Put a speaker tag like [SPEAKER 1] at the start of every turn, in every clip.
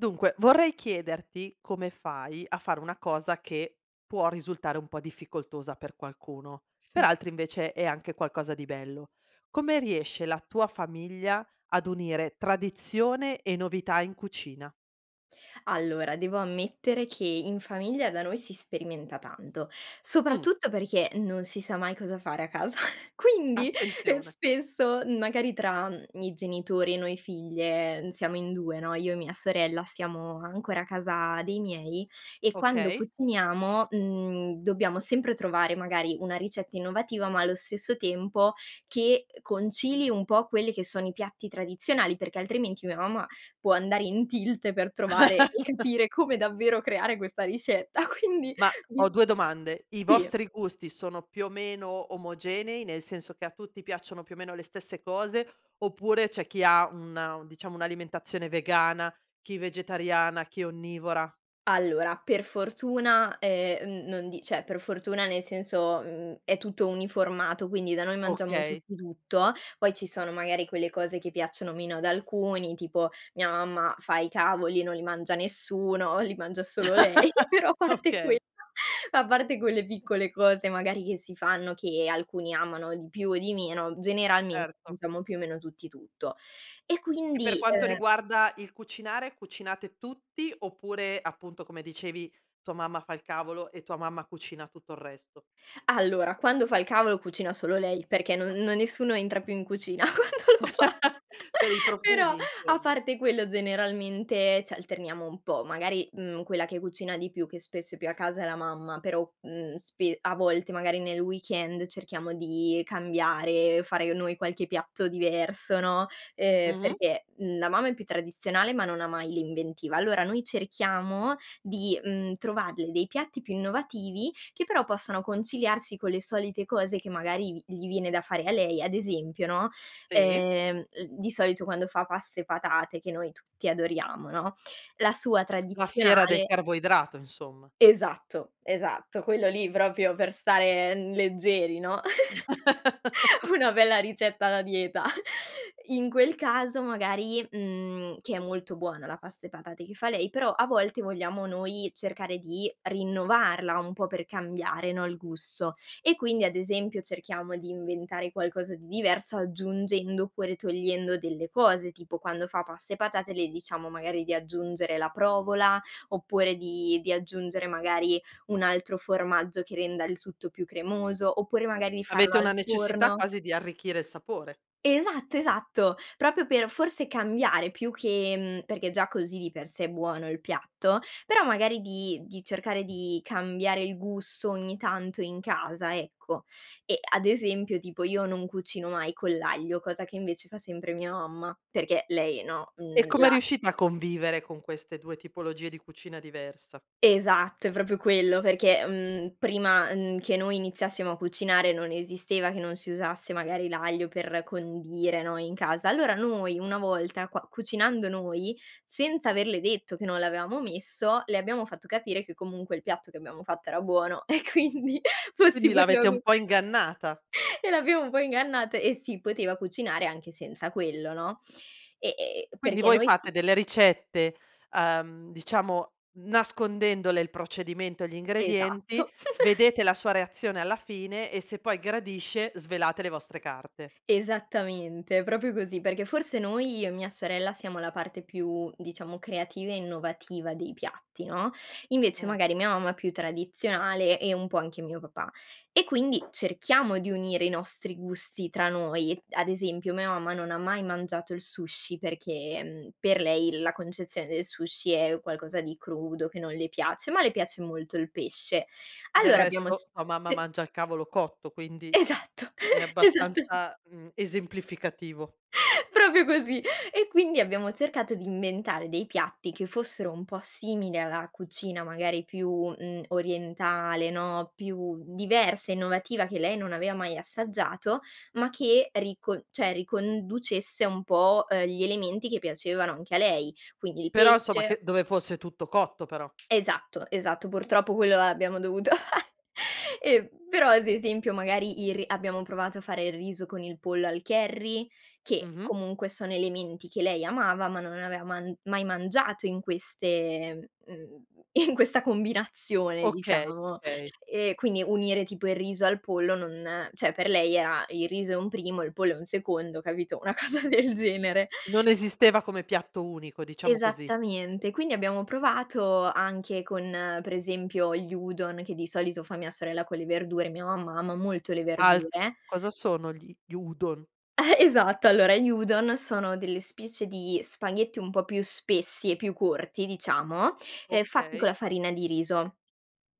[SPEAKER 1] Dunque vorrei chiederti, come fai a fare una cosa che può risultare un po' difficoltosa per qualcuno, per
[SPEAKER 2] Mh.
[SPEAKER 1] altri invece è anche qualcosa di bello. Come riesce la tua famiglia ad unire tradizione e novità in cucina?
[SPEAKER 2] Allora devo ammettere che in famiglia da noi si sperimenta tanto,
[SPEAKER 1] Mh.
[SPEAKER 2] soprattutto perché non si sa mai cosa fare a casa quindi, ehm,
[SPEAKER 1] Attenzione.
[SPEAKER 2] spesso, mhmm, magari tra, mhmm, i genitori e noi figlie, mhmm, siamo in 2, no, io e mia sorella, siamo ancora a casa dei miei e quando
[SPEAKER 1] Okay.
[SPEAKER 2] cuciniamo, mhmm, dobbiamo sempre trovare magari una ricetta innovativa, ma allo stesso tempo che, uhm, concili un po' quelle che sono i piatti tradizionali, perché altrimenti mia mamma può andare in tilt per trovare e capire come davvero creare questa ricetta quindi
[SPEAKER 1] Ma ho
[SPEAKER 2] di
[SPEAKER 1] 2 domande: i
[SPEAKER 2] sì.
[SPEAKER 1] vostri gusti sono più o meno omogenei, nel senso che a tutti piacciono più o meno le stesse cose, oppure c'è chi ha una diciamo un'alimentazione vegana, chi vegetariana, chi onnivora?
[SPEAKER 2] Allora, per fortuna, ehm, mhmm, non di cioè, per fortuna nel senso, mhmm, è tutto uniformato quindi da noi mangiamo
[SPEAKER 1] Okay.
[SPEAKER 2] tutti tutto, poi ci sono magari quelle cose che piacciono meno ad alcuni, tipo mia mamma fa i cavoli e non li mangia nessuno, li mangia solo lei però a parte quell
[SPEAKER 1] Okay.
[SPEAKER 2] a parte quelle piccole cose magari che si fanno che alcuni amano di più o di meno, generalmente
[SPEAKER 1] Erto.
[SPEAKER 2] mangiamo più o meno tutti tutto. E
[SPEAKER 1] E per
[SPEAKER 2] quindi,
[SPEAKER 1] quanto
[SPEAKER 2] uhm
[SPEAKER 1] riguarda il cucinare, cucinate tutti oppure, appunto come dicevi, tua mamma fa il cavolo e tua mamma cucina tutto il resto?
[SPEAKER 2] Allora, quando fa il cavolo cucina solo lei perché non no nessuno entra più in cucina quando lo fa,
[SPEAKER 1] Per i
[SPEAKER 2] però
[SPEAKER 1] profumi
[SPEAKER 2] a
[SPEAKER 1] insomma.
[SPEAKER 2] parte quello generalmente ci alterniamo un po', magari, mhmm, quella che cucina di più, che spesso è più a casa, è la mamma però, mhmm, spe a volte magari nel weekend cerchiamo di cambiare, fare noi qualche piatto diverso, no, ehm
[SPEAKER 1] Mh-mh.
[SPEAKER 2] perché, mhmm, la mamma è più tradizionale ma non ha mai l'inventiva. Allora noi cerchiamo di, mhmm, trovarle dei piatti più innovativi che però possano conciliarsi con le solite cose che, magari, vi gli viene da fare a lei, ad esempio, no,
[SPEAKER 1] Sì.
[SPEAKER 2] ehm, l di solito quando fa pasta e patate che noi tutti adoriamo, no, la sua
[SPEAKER 1] La fiera del
[SPEAKER 2] tradizionale
[SPEAKER 1] carboidrato insomma.
[SPEAKER 2] Esatto, esatto, quello lì proprio per stare, mhmm, leggeri, no. Una bella ricetta da dieta. In quel caso magari mhmm, che è molto buona la pasta e patate che fa lei però a volte vogliamo noi cercare di rinnovarla un po' per cambiare, no, il gusto. E quindi, ad esempio, cerchiamo di inventare qualcosa di diverso aggiungendo oppure togliendo delle cose, tipo quando fa pasta e patate le diciamo magari di aggiungere la provola, oppure di di aggiungere magari un altro formaggio che renda il tutto più cremoso, oppure magari di farlo
[SPEAKER 1] Avete
[SPEAKER 2] al
[SPEAKER 1] una necessità
[SPEAKER 2] forno
[SPEAKER 1] quasi di arricchire il sapore.
[SPEAKER 2] Esatto, esatto, proprio per forse cambiare più che mhmm, perché già così di per sé è buono il piatto, però magari di di cercare di cambiare il gusto ogni tanto in casa ecco, e ad esempio tipo io non cucino mai con l'aglio, cosa che invece fa sempre mia mamma perché lei, no,
[SPEAKER 1] E
[SPEAKER 2] mhmm,
[SPEAKER 1] come
[SPEAKER 2] la
[SPEAKER 1] riuscite a convivere con queste 2 tipologie di cucina diversa?
[SPEAKER 2] Esatto, è proprio quello perché, mhmm, prima, uhm, che noi iniziassimo a cucinare non esisteva che non si usasse magari l'aglio per condire, no, in casa, allora noi una volta qua cucinando noi, senza averle detto che non l'avevamo messo, le abbiamo fatto capire che comunque il piatto che abbiamo fatto era buono, e quindi
[SPEAKER 1] Quindi
[SPEAKER 2] fossimo
[SPEAKER 1] l'avete un
[SPEAKER 2] [unintelligible]
[SPEAKER 1] po' ingannata.
[SPEAKER 2] e l'abbiamo un po' ingannata, e si poteva cucinare anche senza quello, no, e e e
[SPEAKER 1] Quindi
[SPEAKER 2] perché
[SPEAKER 1] voi
[SPEAKER 2] noi ti
[SPEAKER 1] fate delle ricette, uhm, diciamo nascondendole il procedimento, gli ingredienti,
[SPEAKER 2] Esatto.
[SPEAKER 1] vedete la sua reazione alla fine e se poi gradisce svelate le vostre carte.
[SPEAKER 2] Esattamente, proprio così, perché forse noi, io e mia sorella, siamo la parte più diciamo creativa e innovativa dei piatti, no. Invece
[SPEAKER 1] Mh.
[SPEAKER 2] magari mia mamma è più tradizionale e un po' anche mio papà e quindi cerchiamo di unire i nostri gusti tra noi, ad esempio, mia mamma non ha mai mangiato il sushi perché, mhmm, per lei la concezione del sushi è qualcosa di crudo che non le piace, ma le piace molto il pesce.
[SPEAKER 1] Del
[SPEAKER 2] Allora abbiamo c
[SPEAKER 1] resto tua mamma
[SPEAKER 2] ce
[SPEAKER 1] mangia il cavolo cotto quindi
[SPEAKER 2] Esatto,
[SPEAKER 1] è
[SPEAKER 2] esattame
[SPEAKER 1] abbastanza, mhmm, esemplificativo.
[SPEAKER 2] Proprio così, e quindi abbiamo cercato di inventare dei piatti che fossero un po' simili alla cucina magari più, mhmm, orientale, no, più diversa e innovativa che lei non aveva mai assaggiato ma che ricon cioè, riconducesse un po', uhm, gli elementi che piacevano anche a lei, quindi il
[SPEAKER 1] Però insomma
[SPEAKER 2] pesce
[SPEAKER 1] che dove fosse tutto cotto però.
[SPEAKER 2] Esatto, esatto, purtroppo quello l'abbiamo dovuto e però ad esempio magari il ri abbiamo provato a fare il riso con il pollo al curry, che
[SPEAKER 1] Mh-mh.
[SPEAKER 2] comunque sono elementi che lei amava, ma non aveva man mai mangiato in queste mhmm, in questa combinazione
[SPEAKER 1] Okay,
[SPEAKER 2] diciamo,
[SPEAKER 1] okay.
[SPEAKER 2] e quindi unire tipo il riso al pollo non cioè, per lei era: "Il riso è un primo, il pollo è un secondo." Capito? Una cosa del genere.
[SPEAKER 1] Non esisteva come piatto unico, diciamo così.
[SPEAKER 2] Esattamente, quindi abbiamo provato anche con, per esempio, gli udon che di solito fa mia sorella con le verdure e mia mamma ama molto le
[SPEAKER 1] Alt!
[SPEAKER 2] verdure
[SPEAKER 1] Cosa sono gli gli udon?
[SPEAKER 2] Esatto, allora gli udon sono delle specie di spaghetti un po' più spessi e più corti diciamo, ehm, fatti con
[SPEAKER 1] Okay.
[SPEAKER 2] la farina di riso,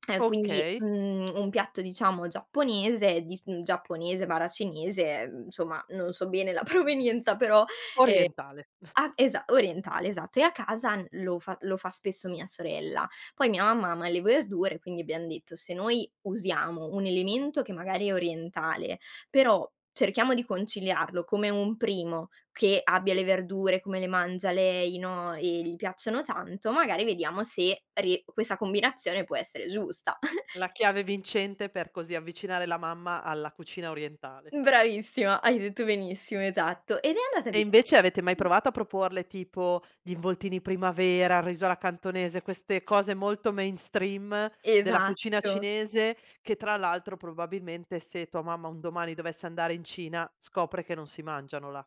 [SPEAKER 2] ehm, quindi,
[SPEAKER 1] Okay.
[SPEAKER 2] mhmm, un piatto diciamo giapponese di s giapponese/cinese, ehm, insomma, non so bene la provenienza però, ehm
[SPEAKER 1] Orientale.
[SPEAKER 2] ah, esa orientale, esatto, e a casa n lo fa lo fa spesso mia sorella, poi mia mamma ama le verdure quindi abbiam detto: "Se noi usiamo un elemento che magari è orientale, però cerchiamo di conciliarlo come un primo che abbia le verdure, come le mangia lei, no, e gli piacciono tanto, magari vediamo se rie questa combinazione può essere giusta."
[SPEAKER 1] La chiave vincente per così avvicinare la mamma alla cucina orientale.
[SPEAKER 2] Mh, bravissima, hai detto benissimo, esatto. Ed è andata
[SPEAKER 1] E invece
[SPEAKER 2] bene
[SPEAKER 1] avete mai provato a proporle tipo gli involtini primavera, riso alla cantonese,
[SPEAKER 2] S
[SPEAKER 1] queste
[SPEAKER 2] s
[SPEAKER 1] cose molto mainstream della cucina
[SPEAKER 2] Esatto.
[SPEAKER 1] cinese, che tra l'altro, probabilmente, se tua mamma un domani dovesse andare in Cina scopre che non si mangiano là.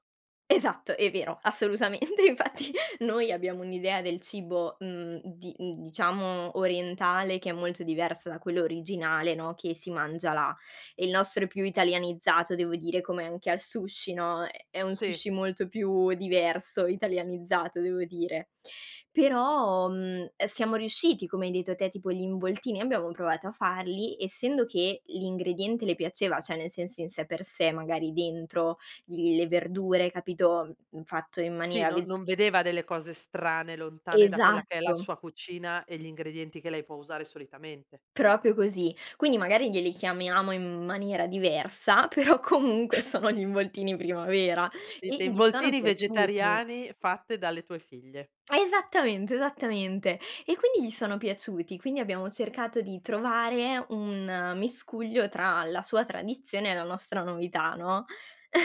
[SPEAKER 2] Esatto, è vero assolutamente, infatti noi abbiamo un'idea del cibo, mhmm, di mhmm, diciamo orientale che è molto diversa da quello originale, no, che si mangia là, il nostro è più italianizzato devo dire come anche al sushi, no. È è un
[SPEAKER 1] Sì.
[SPEAKER 2] sushi molto più diverso, italianizzato devo dire, però, mhmm, ehm, siamo riusciti come hai detto te tipo gli involtini abbiamo provato a farli, essendo che l'ingrediente le piaceva, cioè, nel senso in sé per sé, magari dentro l le verdure capito, mhmm, fatto in
[SPEAKER 1] Sì,
[SPEAKER 2] maniera
[SPEAKER 1] no
[SPEAKER 2] veg
[SPEAKER 1] non vedeva delle cose strane, lontane da quella che è la
[SPEAKER 2] Esatto.
[SPEAKER 1] sua cucina e gli ingredienti che lei può usare solitamente.
[SPEAKER 2] Proprio così. Quindi magari glieli chiamiamo in m maniera diversa però comunque sono gli involtini primavera e
[SPEAKER 1] Dite:
[SPEAKER 2] gli sono
[SPEAKER 1] "Involtini
[SPEAKER 2] piaciuti.
[SPEAKER 1] vegetariani fatte dalle tue figlie."
[SPEAKER 2] Esattamente, esattamente, e quindi gli sono piaciuti, quindi abbiamo cercato di trovare un miscuglio tra la sua tradizione e la nostra novità, no?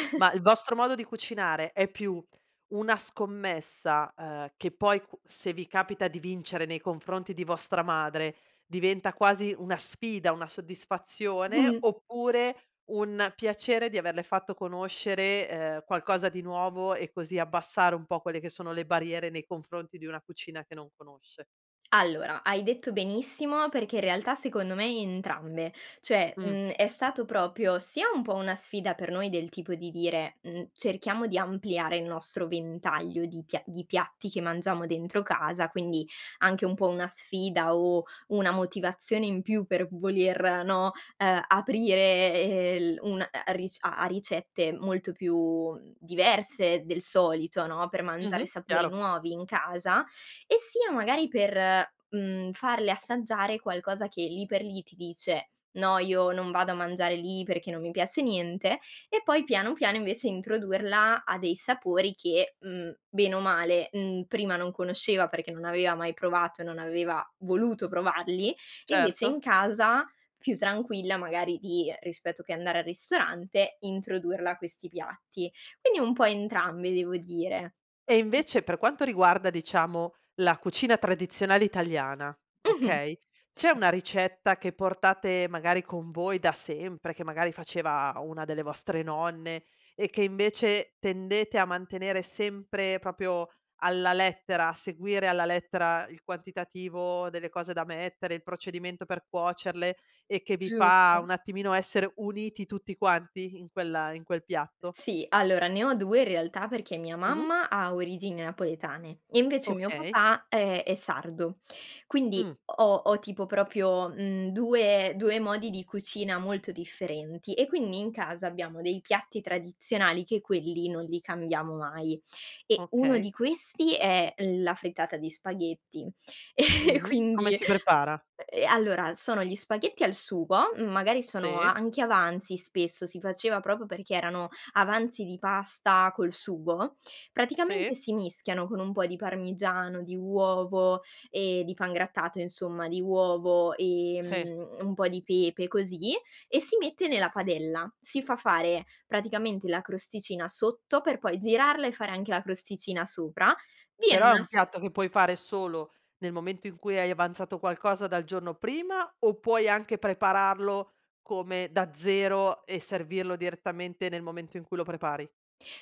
[SPEAKER 1] Ma il vostro modo di cucinare è più una scommessa, uhm, che poi q se vi capita di vincere nei confronti di vostra madre diventa quasi una sfida, una soddisfazione,
[SPEAKER 2] Mh.
[SPEAKER 1] oppure un piacere di averle fatto conoscere, uhm, qualcosa di nuovo, e così abbassare un po' quelle che sono le barriere nei confronti di una cucina che non conosce?
[SPEAKER 2] Allora, hai detto benissimo perché in realtà secondo me entrambe cioè,
[SPEAKER 1] Mh.
[SPEAKER 2] mhmm, è stato proprio sia un po' una sfida per noi, del tipo di dire: "Mhmm, cerchiamo di ampliare il nostro ventaglio di pia di piatti che mangiamo dentro casa." Quindi anche un po' una sfida o una motivazione in più per voler, no, uhm, aprire, ehm, il un a a ric a a ricette molto più, mhmm, diverse del solito, no, per mangiare
[SPEAKER 1] Mh-mh,
[SPEAKER 2] sapori
[SPEAKER 1] chiaro.
[SPEAKER 2] nuovi in casa e sia, magari, per, mhmm, farle assaggiare qualcosa che lì per lì ti dice: "No, io non vado a mangiare lì perché non mi piace niente." E poi piano, piano invece introdurla a dei sapori che, mhmm, bene o male, mhmm, prima non conosceva perché non aveva mai provato e non aveva voluto provarli, invece in
[SPEAKER 1] Certo.
[SPEAKER 2] casa più tranquilla, magari, di rispetto che andare al ristorante, introdurla a questi piatti, quindi un po' entrambi devo dire.
[SPEAKER 1] E invece per quanto riguarda, diciamo, la cucina tradizionale italiana,
[SPEAKER 2] Mh-mh,
[SPEAKER 1] okay,
[SPEAKER 2] s
[SPEAKER 1] c'è una ricetta che portate, magari, con voi da sempre, che magari faceva una delle vostre nonne e che invece tendete a mantenere sempre, proprio alla lettera, a seguire alla lettera il quantitativo delle cose da mettere, il procedimento per cuocerle e che vi fa
[SPEAKER 2] Giusto.
[SPEAKER 1] un attimino essere uniti tutti quanti in quel in quel piatto?
[SPEAKER 2] Sì, allora ne ho 2 in realtà, perché mia
[SPEAKER 1] Mh-mh.
[SPEAKER 2] mamma ha origini napoletane e invece mio
[SPEAKER 1] Okay.
[SPEAKER 2] papà, ehm, è sardo quindi
[SPEAKER 1] Mh.
[SPEAKER 2] ho ho tipo proprio, mhmm, 2- 2 modi di cucina molto differenti e quindi in casa abbiamo dei piatti tradizionali che quelli non li cambiamo mai, e uno
[SPEAKER 1] Okay.
[SPEAKER 2] di questi è l la frittata di spaghetti e e
[SPEAKER 1] Mh-mh. Come
[SPEAKER 2] quindi
[SPEAKER 1] si prepara?
[SPEAKER 2] ehm, allora sono gli spaghetti al sugo, mhmm, magari sono
[SPEAKER 1] Sì.
[SPEAKER 2] anche avanzi spesso, si faceva proprio perché erano avanzi di pasta col sugo, praticamente
[SPEAKER 1] Sì.
[SPEAKER 2] si mischiano con un po' di parmigiano, di uovo e di pangrattato insomma, di uovo,
[SPEAKER 1] Sì.
[SPEAKER 2] ehm, un po' di pepe e così e si mette nella padella, si fa fare praticamente la crosticina sotto per poi girarla e fare anche la crosticina sopra, viene
[SPEAKER 1] Però è
[SPEAKER 2] una
[SPEAKER 1] un
[SPEAKER 2] s
[SPEAKER 1] piatto che puoi fare solo nel momento in cui hai avanzato qualcosa dal giorno prima o puoi anche prepararlo come da 0 e servirlo direttamente nel momento in cui lo prepari?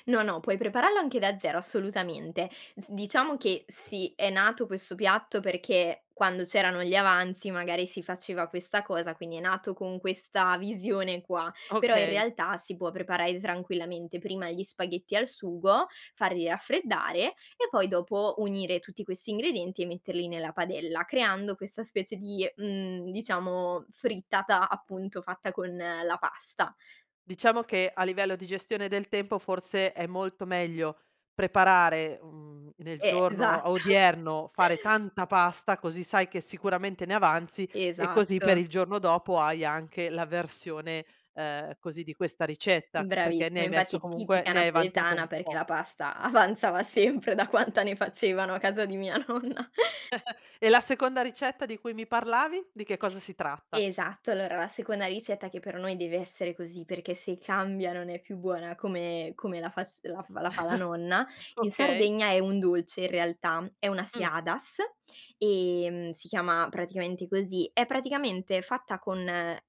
[SPEAKER 2] No, no puoi prepararlo anche da 0 assolutamente, s diciamo che sì, è nato questo piatto perché quando c'erano gli avanzi magari si faceva questa cosa, quindi è nato con questa visione qua. Però in
[SPEAKER 1] Okay.
[SPEAKER 2] realtà si può preparare tranquillamente prima gli spaghetti al sugo, farli raffreddare e poi dopo unire tutti questi ingredienti e metterli nella padella, creando questa specie di, mhmm, diciamo frittata, appunto, fatta con la pasta.
[SPEAKER 1] Diciamo che a livello di gestione del tempo forse è molto meglio preparare, mhmm, nel
[SPEAKER 2] E
[SPEAKER 1] giorno
[SPEAKER 2] esatt
[SPEAKER 1] odierno fare tanta pasta, così sai che sicuramente ne avanzi e così per
[SPEAKER 2] Esatto.
[SPEAKER 1] il giorno dopo hai anche la versione, uhm, così di questa ricetta perché ne
[SPEAKER 2] Bravissimo,
[SPEAKER 1] hai messo
[SPEAKER 2] infatti è
[SPEAKER 1] comunque
[SPEAKER 2] tipica
[SPEAKER 1] ne hai avanzato un
[SPEAKER 2] napoletana perché
[SPEAKER 1] po'.
[SPEAKER 2] la pasta avanzava sempre da quanta ne facevano a casa di mia nonna.
[SPEAKER 1] E la seconda ricetta di cui mi parlavi, di che cosa si tratta?
[SPEAKER 2] Esatto, allora la seconda ricetta, che per noi deve essere così, perché se cambia non è più buona come come la fac la f la fa la nonna, in
[SPEAKER 1] Okay.
[SPEAKER 2] Sardegna è un dolce in realtà, è una
[SPEAKER 1] Mh.
[SPEAKER 2] seadas, ehm, si chiama praticamente così, è praticamente fatta con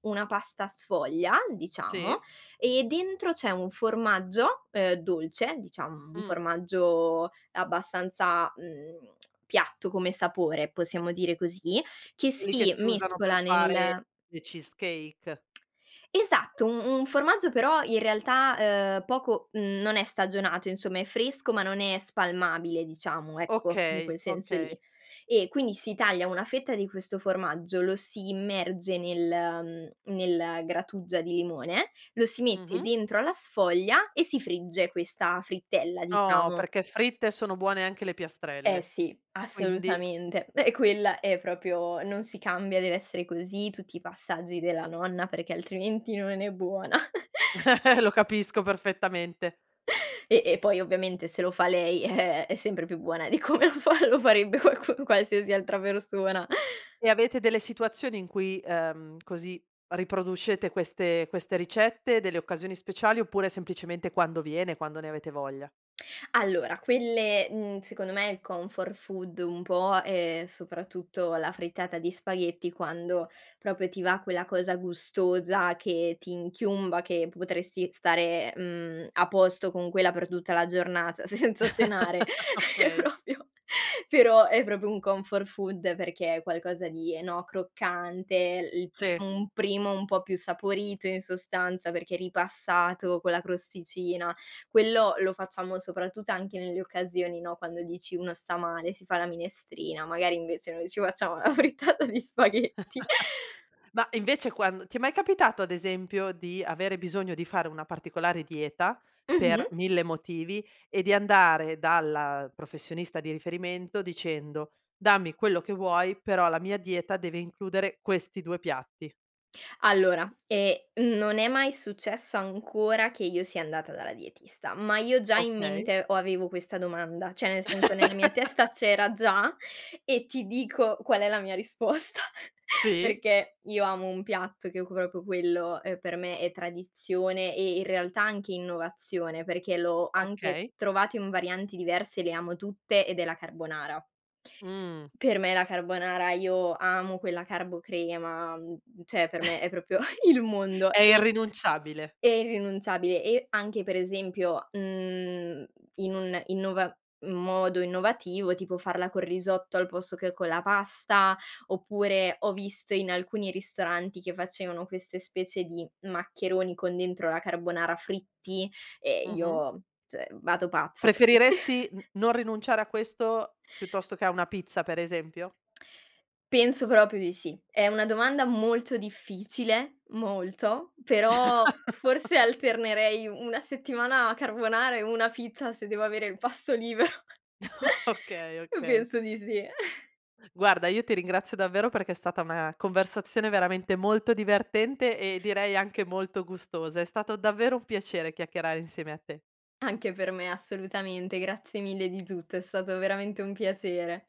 [SPEAKER 2] una pasta sfoglia, diciamo,
[SPEAKER 1] Sì.
[SPEAKER 2] e dentro c'è un formaggio, uhm, dolce diciam un
[SPEAKER 1] Mh.
[SPEAKER 2] formaggio abbastanza, mhmm, piatto come sapore, possiamo dire così, che
[SPEAKER 1] Quelli che
[SPEAKER 2] si
[SPEAKER 1] si usano per
[SPEAKER 2] mescola
[SPEAKER 1] fare
[SPEAKER 2] nel
[SPEAKER 1] le cheesecake.
[SPEAKER 2] Esatto, un un formaggio, però in realtà, uhm, poco mhmm, non è stagionato insomma, è fresco ma non è spalmabile, diciamo, ecco in
[SPEAKER 1] Okay,
[SPEAKER 2] quel senso lì,
[SPEAKER 1] okay.
[SPEAKER 2] e quindi si taglia una fetta di questo formaggio, lo si immerge nel mhmm, nel grattugia di limone, lo si mette
[SPEAKER 1] Mh-mh.
[SPEAKER 2] dentro alla sfoglia e si frigge questa frittella,
[SPEAKER 1] Oh,
[SPEAKER 2] diciamo.
[SPEAKER 1] perché fritte sono buone anche le
[SPEAKER 2] Eh,
[SPEAKER 1] piastrelle,
[SPEAKER 2] sì,
[SPEAKER 1] quindi.
[SPEAKER 2] assolutamente, e quella è proprio non si cambia, deve essere così tutti i passaggi della nonna, perché altrimenti non è buona.
[SPEAKER 1] Lo capisco perfettamente.
[SPEAKER 2] E e poi ovviamente se lo fa lei, eh, è sempre più buona di come lo fa lo farebbe qualc qualsiasi altra persona.
[SPEAKER 1] E avete delle situazioni in cui, uhm, così, riproducete queste queste ricette, delle occasioni speciali oppure semplicemente quando viene, quando ne avete voglia?
[SPEAKER 2] Allora, quelle, mhmm, secondo me il comfort food un po', è soprattutto la frittata di spaghetti quando proprio ti va quella cosa gustosa che ti inchiumba, che potresti stare, mhmm, a posto con quella per tutta la giornata senza cenare, è
[SPEAKER 1] Okay.
[SPEAKER 2] proprio però è proprio un comfort food, perché è qualcosa di, ehm, no, croccante l
[SPEAKER 1] Sì.
[SPEAKER 2] un primo un po' più saporito in sostanza, perché ripassato con la crosticina, quello lo facciamo soprattutto anche nelle occasioni, no, quando dici: "Uno sta male, si fa la minestrina." Magari invece noi ci facciamo la frittata di spaghetti.
[SPEAKER 1] Ma invece quando ti è mai capitato ad esempio di avere bisogno di fare una particolare dieta, per
[SPEAKER 2] Mh-mh.
[SPEAKER 1] 1000 motivi e di andare dalla professionista di riferimento dicendo: "Dammi quello che vuoi, però la mia dieta deve includere questi 2 piatti."
[SPEAKER 2] Allora, ehm, non è mai successo ancora che io sia andata dalla dietista, ma io ho già in
[SPEAKER 1] Okay.
[SPEAKER 2] mente, o avevo questa domanda, cioè nel senso, nella mia testa c'era già e ti dico qual è la mia risposta,
[SPEAKER 1] Sì.
[SPEAKER 2] perché io amo un piatto che c proprio quello, uhm, per me è tradizione e in realtà anche innovazione, perché l'ho anche
[SPEAKER 1] Okay.
[SPEAKER 2] trovato in varianti diverse, le amo tutte ed è la carbonara
[SPEAKER 1] Mh.
[SPEAKER 2] per me la carbonara io amo quella carbo crema, mhmm, cioè, per me è proprio il mondo
[SPEAKER 1] È
[SPEAKER 2] e
[SPEAKER 1] irrinunciabile.
[SPEAKER 2] è irrinunciabile, e anche per esempio, mhmm, in un innova un modo innovativo, tipo farla col risotto al posto che con la pasta, oppure ho visto in alcuni ristoranti che facevano queste specie di maccheroni con dentro la carbonara, fritti e
[SPEAKER 1] Mh-mh.
[SPEAKER 2] io cioè, vado pazza pe
[SPEAKER 1] Preferiresti n non rinunciare a questo piuttosto che a una pizza, per esempio?
[SPEAKER 2] Penso proprio di sì. È una domanda molto difficile, molto, però forse alternerei 1 settimana a carbonara e 1 fit, a se devo avere il pasto libero
[SPEAKER 1] Okay,
[SPEAKER 2] uhm,
[SPEAKER 1] okay.
[SPEAKER 2] penso di sì.
[SPEAKER 1] Guarda, io ti ringrazio davvero perché è stata una conversazione veramente molto divertente, e direi anche molto gustosa. È stato davvero un piacere chiacchierare insieme a te.
[SPEAKER 2] Anche per me assolutamente, grazie mille di tutto è stato veramente un piacere.